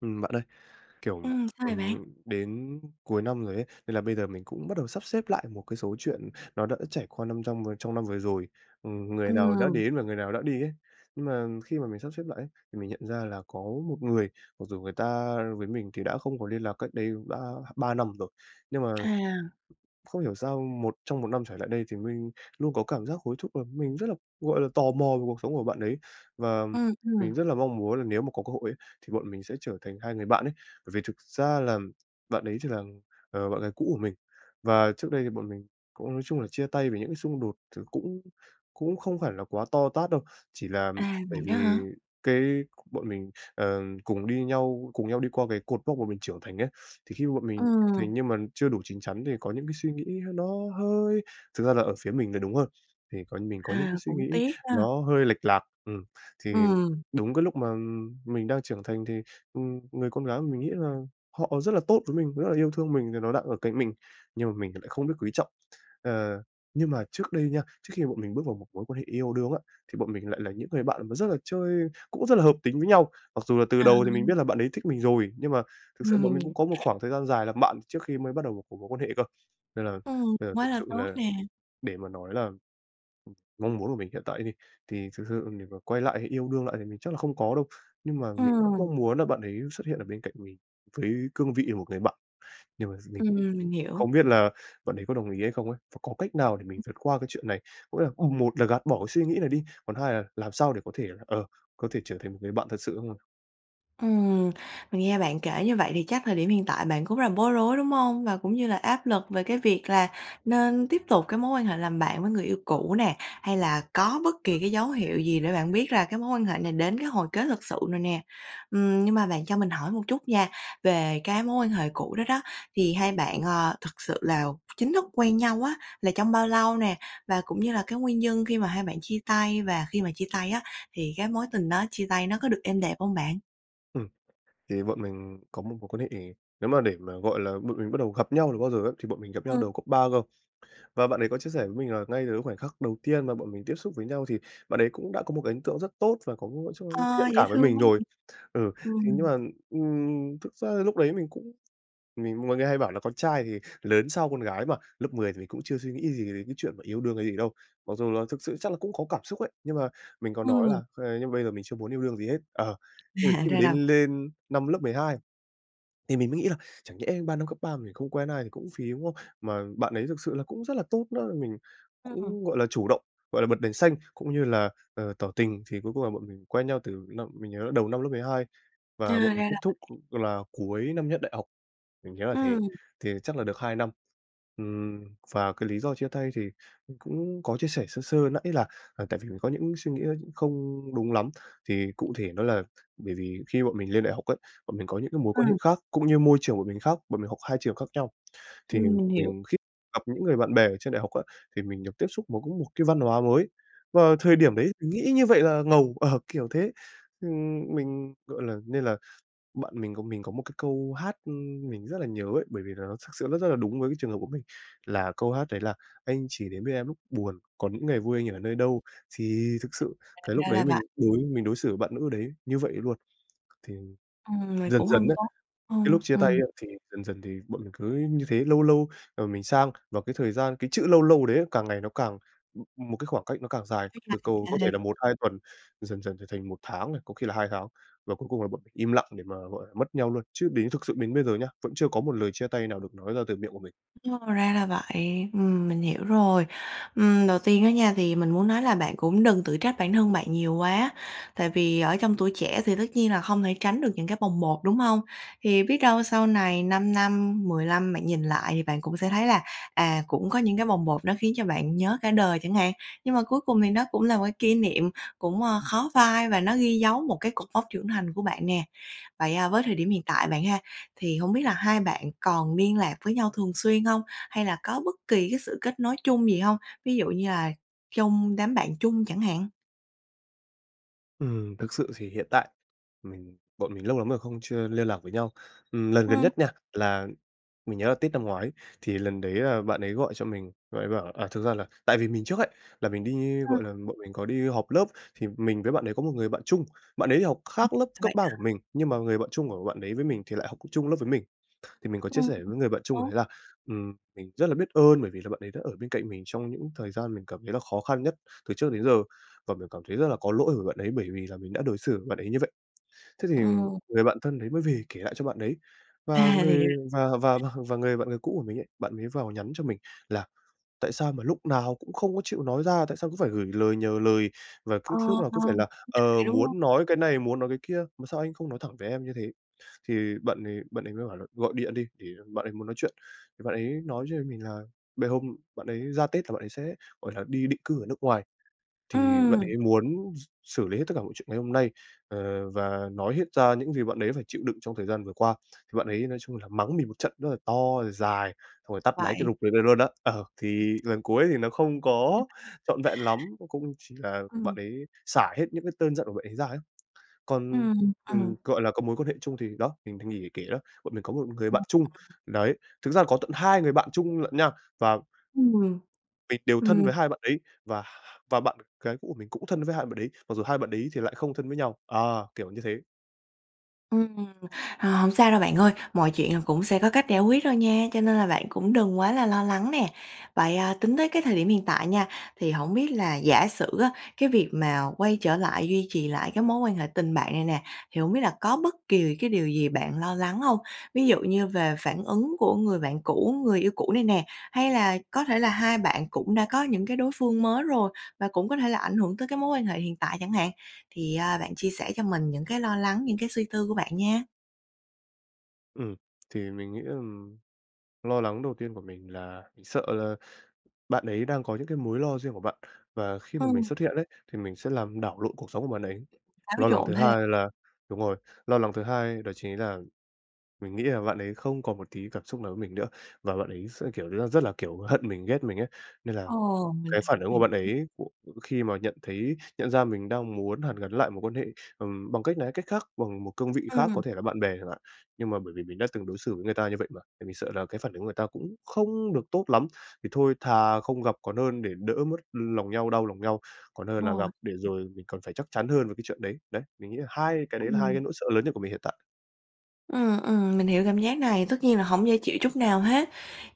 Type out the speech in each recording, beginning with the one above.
Ừm, bạn ơi, kiểu, Ừm, sao vậy bạn? ừm, đến cuối năm rồi ấy, nên là bây giờ mình cũng bắt đầu sắp xếp lại một cái số chuyện nó đã trải qua năm trong vừa trong năm vừa rồi. Ừm, người nào đã Ừm. đến và người nào đã đi ấy. Nhưng mà khi mà mình sắp xếp lại ấy, thì mình nhận ra là có một người mặc dù người ta với mình thì đã không có liên lạc cách đây đã 3 năm rồi. Nhưng mà À. không hiểu sao một trong 1 năm trở lại đây thì mình luôn có cảm giác hối thúc làm mình rất là gọi là, tò mò về cuộc sống của bạn đấy. Và Ừm, ừm. mình rất là mong muốn là nếu mà có cơ hội ấy thì bọn mình sẽ trở thành hai người bạn ấy bởi vì thực ra làm bạn ấy chỉ là, ờ, bạn gái cũ của mình. Và trước đây thì bọn mình cũng nói chung là chia tay về những cái xung đột thì cũng cũng không phải là quá to tát đâu, chỉ là À, bởi vậy đó vì hả? cái bọn mình, ờ, cùng đi nhau cùng nhau đi qua về cột mốc mà mình trưởng thành ấy. Thì khi mà bọn mình trưởng Ừm. thành nhưng mà chưa đủ chín chắn để có những cái suy nghĩ nó hơi thực ra là ở phía mình là đúng hơn, thì coi như mình có những cái À, suy cũng nghĩ tiếc đó. nó hơi lệch lạc, ừm. Thì Ừm. đúng cái lúc mà, ừm, mình đang trưởng thành thì, ừm, người con gái mà mình nghĩ là họ rất là tốt với mình, rất là yêu thương mình rằng nó đang ở cạnh mình, nhưng mà mình lại không biết quý trọng. Ờ, nhưng mà trước đây nha, trước khi bọn mình bước vào một mối quan hệ yêu đương á, thì bọn mình lại là những người bạn mà rất là chơi cũng rất là hợp tính với nhau. Mặc dù là từ À. đầu thì mình biết là bạn ấy thích mình rồi, nhưng mà thực sự bọn Ừm. mình cũng có một khoảng thời gian dài làm bạn trước khi mới bắt đầu vào một cái mối quan hệ cơ. Nên là Ừm, nên là thực quá là sự tốt là, nè! để mà nói làm ừm, mong muốn của mình hiện tại á thì, thì thực sự để mà quay lại hay yêu đương lại thì mình chắc là không có đâu nhưng mà mình vẫn Ừm. mong muốn là bạn ấy xuất hiện ở bên cạnh mình với cương vị một người bạn. Nhưng mà rồi mình Ừm, cũng mình hiểu. không biết là bạn ấy có đồng ý hay không ấy? Và có cách nào để mình vượt qua cái chuyện này? Có nghĩa là, ừm, một là gạt bỏ cái suy nghĩ này đi, hai là làm sao để có thể là, ờ, có thể trở thành một người bạn thật sự không ạ? Ừm. Mình nghe bạn kể như vậy thì chắc thời điểm hiện tại bạn cũng rất là bối rối, đúng hông? Và cũng như là áp lực về cái việc là nên tiếp tục cái mối quan hệ làm bạn với người yêu cũ nè, hay là có bất kỳ cái dấu hiệu gì để bạn biết rằng cái mối quan hệ này đến cái hồi kết thực sự rồi nè. Ừm, nhưng mà bạn cho mình hỏi một chút nha, về cái mối quan hệ cũ đó đó, thì hai bạn, ờ, thực sự là chính thức quen nhau á là trong bao lâu nè? Và cũng như là cái nguyên nhân khi mà hai bạn chia tay, và khi mà chia tay á thì cái mối tình đó chia tay nó có được êm đẹp hông bạn? Ừm. Thì bọn mình có một mối quan hệ nếu mà để mà gọi là bọn mình bắt đầu gặp nhau từ bao giờ ấy, thì bọn mình gặp nhau Ừm. đầu cấp 3 cơ. Và bạn ấy có chia sẻ với mình là ngay từ cái khoảnh khắc đầu tiên mà bọn mình tiếp xúc với nhau thì bạn ấy cũng đã có một cái ấn tượng rất tốt và có một [unintelligible] thiện Ơ, dễ cảm với thương mình quá! rồi. Ừ. Thế nhưng Ừm. mà, ừm, thực ra lúc đấy mình cũng mình mọi người hay bảo là con trai thì, ờ, lớn sau con gái mà, lớp 10 thì mình cũng chưa suy nghĩ gì đến cái chuyện yêu đương hay gì đâu. Mặc dù là thực sự chắc là cũng có cảm xúc ấy, nhưng mà mình có nói Ừm. là, ơ, nhưng mà bây giờ mình chưa muốn yêu đương gì hết ờ. Ờ, À, khi mà ra đến là vậy. lên năm lớp 12 thì mình mới nghĩ là chẳng nhẽ 3 năm cấp 3 mình không quen ai thì cũng phí, đúng không? Mà bạn đấy thực sự là cũng rất là tốt nữa, mình Ừm. cũng, gọi là, chủ động, gọi là, bật đèn xanh, cũng như là, ờ, tỏ tình. Thì cuối cùng là bọn mình quen nhau từ năm mình nhớ là đầu năm lớp 12, À, và bọn mình ra kết là thúc vậy. là cuối năm nhất đại học, mình nhớ là thế. Ừm. Thì chắc là được 2 năm. Ừm, và cái lý do chia tay thì cũng có chia sẻ sơ sơ nãy là tại vì mình có những suy nghĩ không đúng lắm. Thì cụ thể đó là bởi vì khi bọn mình lên đại học ấy, bọn mình có những cái mối quan hệ Ừm. khác, cũng như môi trường bọn mình khác, bọn mình học hai trường khác nhau. Thì Ừm, mình hiểu. mình khi gặp những người bạn bè ở trên đại học á thì mình được tiếp xúc với một cái văn hóa mới, và thời điểm đấy mình nghĩ như vậy là ngầu. Ờ, kiểu thế. Ừm, mình, gọi là nên là bạn mình có mình có một cái câu hát mình rất là nhớ ấy bởi vì là nó thực sự rất rất là đúng với cái trường hợp của mình. Là câu hát đấy là "Anh chỉ đến bên em lúc buồn, còn những ngày vui anh ở nơi đâu?" Thì thực À, sự cái lúc ra đấy là mình vậy. đối mình đối xử với bạn nữ đấy như vậy luôn. Thì Ừm, vậy dần cũng dần hông á, tốt. cái Ưm, lúc chia tay ừm. á, thì dần dần thì bọn mình cứ như thế, lâu lâu, ờ, mình sang. Và cái thời gian cái chữ "lâu lâu" đấy càng ngày nó càng m một cái khoảng cách nó càng dài, Kéo từ dài cầu có ra thêm. thể là 1, 2 tuần, dần dần trở thành 1 tháng này, có khi là 2 tháng. Và cuối cùng là bọn mình im lặng để mà, gọi là, mất nhau luôn. Chứ đến thực sự đến bây giờ nhá, vẫn chưa có một lời chia tay nào được nói ra từ miệng của mình. Ồ, ra là vậy, ừm, mình hiểu rồi. Ừm, đầu tiên á nha thì mình muốn nói là bạn cũng đừng tự trách bản thân bạn nhiều quá. Tại vì ở trong tuổi trẻ thì tất nhiên là hông thể tránh được những cái bồng bột, đúng hông? Thì biết đâu sau này 5 năm, 10 lăm bạn nhìn lại thì bạn cũng sẽ thấy là, à, cũng có những cái bồng bột nó khiến cho bạn nhớ cả đời chẳng hạn. Nhưng mà cuối cùng thì nó cũng là một kỷ niệm cũng, ơ, khó phai và nó ghi dấu một cái cột mốc trưởng thành của bạn nè. Vậy, à, với thời điểm hiện tại bạn ha, thì hông biết là hai bạn còn liên lạc với nhau thường xuyên hông? Hay là có bất kỳ cái sự kết nối chung gì hông? Ví dụ như là trong đám bạn chung chẳng hạn? Ừm, thực sự thì hiện tại mình bọn mình lâu lắm rồi không chưa liên lạc với nhau. Ừm, lần gần Ừm. nhất nha là mình nhớ là Tết năm ngoái, thì lần đấy là bạn ấy gọi cho mình, bạn ấy bảo là à, thực ra là tại vì mình trước ấy, là mình đi Ờ. gọi là, bọn mình có đi họp lớp, thì mình với bạn đấy có một người bạn chung, bạn ấy học khác lớp cấp Vậy 3 của hả? mình, nhưng mà người bạn chung của bạn đấy với mình thì lại học c chung lớp với mình. Thì mình có chia Ừm. sẻ với người bạn chung Ố! đấy là, ừm, mình rất là biết ơn bởi vì là bạn ấy đã ở bên cạnh mình trong những thời gian mình cảm thấy là khó khăn nhất từ trước đến giờ, và mình cảm thấy rất là có lỗi với bạn ấy bởi vì là mình đã đối xử với bạn ấy như vậy. Thế thì Ừm. người bạn thân đấy mới về kể lại cho bạn đấy, và À, thì người ra và và và và người bạn người cũ của mình ấy, bạn mới vào nhắn cho mình là "Tại sao mà lúc nào cũng không có chịu nói ra? Tại sao cứ phải gửi lời nhờ lời? Và cứ Ờ, lúc nào ờ cũng phải là, [unintelligible] ờ, đúng hông? muốn nói cái này muốn nói cái kia, mà sao anh không nói thẳng với em như thế?" Thì bạn ấy bạn ấy mới bảo là gọi điện đi để bạn ấy muốn nói chuyện, bạn ấy nói với mình là bê hôm bạn ấy ra Tết là bạn ấy sẽ, gọi là, đi định cư ở nước ngoài, thì bạn Ừm. ấy muốn x xử lý hết tất cả mọi chuyện ngày hôm nay, ờ, và nói hết ra những gì bạn ấy phải chịu đựng trong thời gian vừa qua. Thì bạn ấy nói chung là mắng mình một trận rất là to rồi dài, xong rồi tắt máy cái Vậy rụp rồi về luôn đó ờ, thì lần cuối thì nó không có trọn vẹn lắm, cung chỉ là bạn Ừm. ấy xả hết những cái cơn giận của bạn ấy ra ấy. Còn, Ừm, ừm, ừm. gọi là, có mối quan hệ chung thì đó, mình thì nghỉ để kể đó, bọn mình có một người Ừm. bạn chung. Đấy, thực ra là có tận hai người bạn chung lận nha, và Ừm, [unintelligible] mình đều thân với ừm. hai bạn đấy và và bạn gái cũ của mình cũng thân với hai bạn đấy, mặc dù hai bạn đấy thì lại không thân với nhau, à, kiểu như thế. Ừm, à, hổng sao đâu bạn ơi. Mọi chuyện rồi cũng sẽ có cách giải quyết thôi nha, cho nên là bạn cũng đừng quá là lo lắng nè. Vậy, à, tính tới cái thời điểm hiện tại nha, thì hổng biết là, giả sử á, cái việc mà quay trở lại duy trì lại cái mối quan hệ tình bạn này nè, thì hổng biết là có bất kỳ cái điều gì bạn lo lắng hông? Ví dụ như về phản ứng của người bạn cũ, người yêu cũ này nè, hay là có thể là hai bạn cũng đã có những cái đối phương mới rồi và cũng có thể là ảnh hưởng tới cái mối quan hệ hiện tại chẳng hạn. Thì, à, bạn chia sẻ cho mình những cái lo lắng, những cái suy tư của bạn nha. Ừm, thì mình nghĩ là lo lắng đầu tiên của mình là mình sợ là bạn ấy đang có những cái mối lo riêng của bạn. Và khi mà mình Ừm. xuất hiện ấy, thì mình sẽ làm đảo lộn cuộc sống của bạn ấy. Xáo Lo lắng trộn thứ thêm. hai là đúng rồi, lo lắng thứ hai đó chính là mình nghĩ là bạn ấy không còn một tí cảm xúc nào với mình nữa, và bạn ấy sẽ, kiểu như là, rất là, kiểu, hận mình, ghét mình ấy. Nên là Ờ, mình cái phản ứng của hiểu. bạn ấy, ờ, khi mà nhận thấy nhận ra mình đang muốn hàn gắn lại mối quan hệ, ừm, bằng cách này hay cách khác, bằng một cương vị khác Ừm. có thể là bạn bè chẳng hạn. Nhưng mà bởi vì mình đã từng đối xử với người ta như vậy mà, thì mình sợ là cái phản ứng của người ta cũng không được tốt lắm. Thì thôi thà không gặp còn hơn để đỡ mất lòng nhau, đau lòng nhau, còn hơn Đúng là rồi. gặp để rồi mình còn phải chắc chắn hơn về cái chuyện đấy. Đấy, mình nghĩ là hai cái đấy là hai cái Ừm. nỗi sợ lớn nhất của mình hiện tại. Ừm, ừm, mình hiểu cảm giác này, tất nhiên là hổng dễ chịu chút nào hết,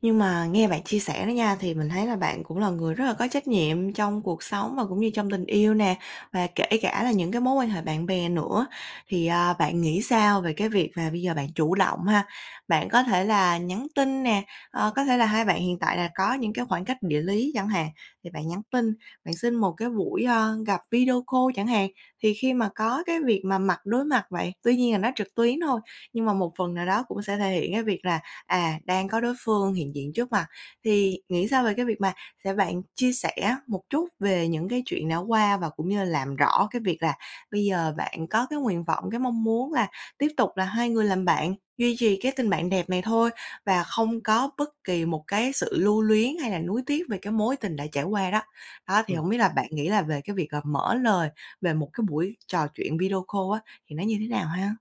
nhưng mà nghe bạn chia sẻ đó nha, thì mình thấy là bạn cũng là người rất là có trách nhiệm trong cuộc sống và cũng như trong tình yêu nè, và kể cả là những cái mối quan hệ bạn bè nữa. Thì, à, bạn nghĩ sao về cái việc là bây giờ bạn chủ động ha? Bạn có thể là nhắn tin nè, ờ, có thể là hai bạn hiện tại là có những cái khoảng cách địa lý chẳng hạn, thì bạn nhắn tin, bạn xin một cái buổi, ơ, gặp video call chẳng hạn. Thì khi mà có cái việc mà mặt đối mặt vậy tuy nhiên là nó trực tuyến thôi, nhưng mà một phần nào đó cũng sẽ thể hiện cái việc là, à, đang có đối phương hiện diện trước mặt, thì nghĩ sao về cái việc mà sẽ bạn chia sẻ một chút về những cái chuyện đã qua và cũng như làm rõ cái việc là bây giờ bạn có cái nguyện vọng, cái mong muốn là tiếp tục là hai người làm bạn, duy trì cái tình bạn đẹp này thôi và không có bất kỳ một cái sự lưu luyến hay là nuối tiếc về cái mối tình đã trải qua đó. Đó, thì Ừm. hổng biết là bạn nghĩ là về cái việc, à, mở lời về một cái buổi trò chuyện video call á, thì nó như thế nào ha?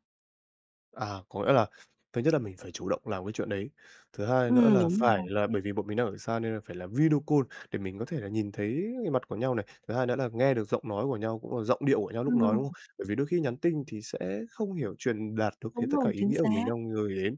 À, có nghĩa là thứ nhất là mình phải chủ động làm cái chuyện đấy, thứ hai nữa Ừm, là đúng phải rồi. là bởi vì bọn mình đang ở xa nên là phải là video call để mình có thể là nhìn thấy mặt của nhau này, thứ hai nữa là nghe được giọng nói của nhau, cũng là giọng điệu của nhau lúc nói, đúng không? Ừm. Bởi vì đôi khi nhắn tin thì sẽ không hiểu truyền đạt được hết Đúng tất cả rồi, ý chính nghĩa của mình xác. đang gửi đến.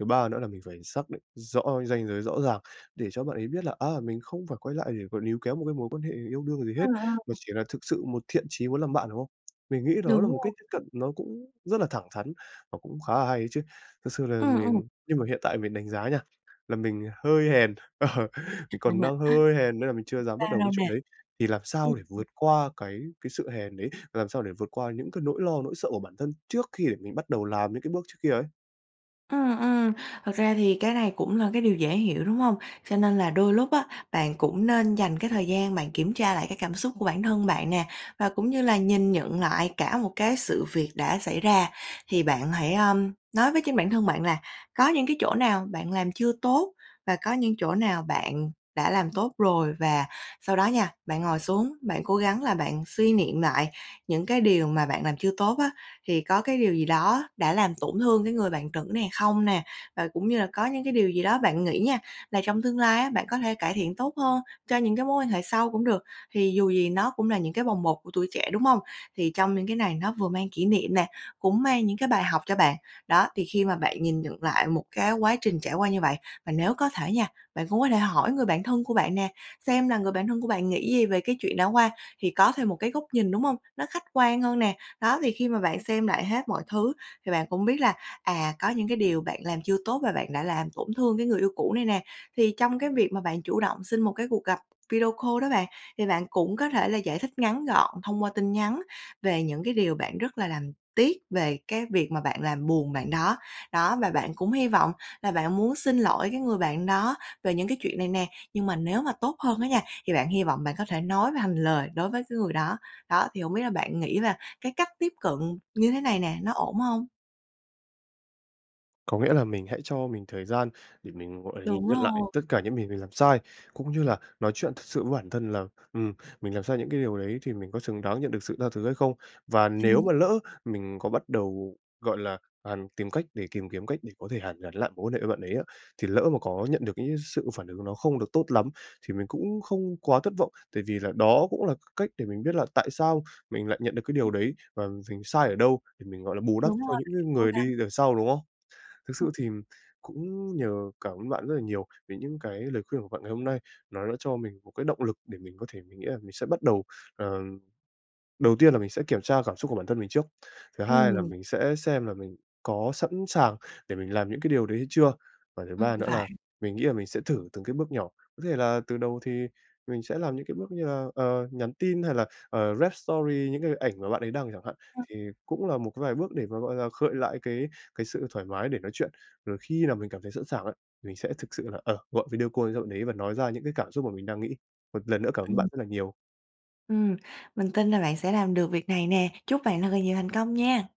Thứ ba nữa là mình phải xác định rõ cái ranh giới rõ ràng, để cho bạn ấy biết là, à, mình không phải quay lại để mà níu kéo một cái mối quan hệ yêu đương gì Ờ, hết, mà ờ. chỉ là thực sự một thiện chí muốn làm bạn, đúng không? Mình nghĩ đó là Đúng một rồi. cách tiếp cận nó cũng rất là thẳng thắn và cũng khá là hay đấy chứ, thực sự là Ừm, ừm. mình nhưng mà hiện tại mình đánh giá nha, là mình hơi hèn ờ, mình còn đang hơi hèn nên là mình chưa dám bắt đầu Sao cái chuyện nè? đấy, thì làm Ừm. sao để vượt qua cái cái sự hèn đấy, làm sao để vượt qua những cái nỗi lo, nỗi sợ của bản thân trước khi để mình bắt đầu làm những cái bước trước kia ấy? Ừm, ừm, thật ra thì cái này cũng là cái điều dễ hiểu, đúng hông? Cho nên là đôi lúc á, bạn cũng nên dành cái thời gian bạn kiểm tra lại cái cảm xúc của bản thân bạn nè, và cũng như là nhìn nhận lại cả một cái sự việc đã xảy ra. Thì bạn hãy, ơm, nói với chính bản thân bạn là có những cái chỗ nào bạn làm chưa tốt, và có những chỗ nào bạn đã làm tốt rồi. Và sau đó nha, bạn ngồi xuống, bạn cố gắng là bạn suy niệm lại những cái điều mà bạn làm chưa tốt á, thì có cái điều gì đó đã làm tổn thương cái người bạn nữ này không nè, và cũng như là có những cái điều gì đó bạn nghĩ nha, là trong tương lai á, bạn có thể cải thiện tốt hơn cho những cái mối quan hệ sau cũng được, thì dù gì nó cũng là những cái bồng bột của tuổi trẻ, đúng hông? Thì trong những cái này nó vừa mang kỷ niệm nè, cũng mang những cái bài học cho bạn. Đó, thì khi mà bạn nhìn nhận lại một cái quá trình trải qua như vậy và nếu có thể nha, bạn cũng có thể hỏi người bạn thân của bạn nè, xem là người bạn thân của bạn nghĩ gì về cái chuyện đã qua, thì có thêm một cái góc nhìn, đúng hông? Nó khách quan hơn nè, đó, thì khi mà bạn xem lại hết mọi thứ thì bạn cũng biết là, à, có những cái điều bạn làm chưa tốt mà bạn đã làm tổn thương cái người yêu cũ này nè, thì trong cái việc mà bạn chủ động xin một cái cuộc gặp video call đó bạn, thì bạn cũng có thể là giải thích ngắn gọn thông qua tin nhắn về những cái điều bạn rất là làm tiếc về cái việc mà bạn làm buồn bạn đó, đó, và bạn cũng hy vọng là bạn muốn xin ỗi cái người bạn đó về những cái chuyện này nè, nhưng mà nếu mà tốt hơn á nha, thì bạn hy vọng bạn có thể nói mà hành lời đối với cái người đó. Đó, thì hổng biết là bạn nghĩ là cái cách tiếp cận như thế này nè, nó ổn hông? Có nghĩa là mình hãy cho mình thời gian để mình, gọi là, Đúng nhìn nhận lại rồi. tất cả những gì mình làm sai, cũng như là nói chuyện thật sự với bản thân là, ừm, mình làm sai những cái điều đấy thì mình có xứng đáng nhận được sự tha thứ hay không. Và nếu Ừm. mà lỡ mình có bắt đầu, gọi là, à, tìm cách để tìm kiếm cách để có thể hàn gắn lại mối quan hệ với bạn đấy á, thì lỡ mà có nhận được những cái sự phản ứng nó không được tốt lắm, thì mình cũng không quá thất vọng. Tại vì là đó cũng là cái cách để mình biết là tại sao mình lại nhận được cái điều đấy [unintelligible] và mình sai ở đâu để mình, gọi là, bù đắp Đúng rồi, cho những bạn cái hãy cố người đi gắng. đằng sau, đúng không? Thực sự Ừm. thì cũng nhờ cảm ơn bạn rất là nhiều về những cái lời khuyên của bạn ngày hôm nay. Nó đã cho mình một cái động lực để mình có thể mình nghĩ là mình sẽ bắt đầu, ờ, đầu tiên là mình sẽ kiểm tra cảm xúc của bản thân mình trước, thứ hai là Ừm. mình sẽ xem là mình có sẵn sàng để mình làm những cái điều đấy hay chưa, và thứ Ừm, ba nữa là phải. mình nghĩ là mình sẽ thử từng cái bước nhỏ. Có thể là từ đầu thì mình sẽ làm những cái bước như là, ờ, nhắn tin hay là, ờ, rep story những cái ảnh mà bạn ấy đăng chẳng hạn. Ừm. Thì cũng là một cái vài bước để mà, gọi là, khơi lại cái cái sự thoải mái để nói chuyện. Rồi khi nào mình cảm thấy sẵn sàng ấy, mình sẽ thực sự là, ờ, gọi video call cho bạn đấy và nói ra những cái cảm xúc mà mình đang nghĩ. Một lần nữa cảm ơn Ừm. bạn rất là nhiều. Ừm, mình tin là bạn sẽ làm được việc này nè, chúc bạn thật là nhiều thành công nha!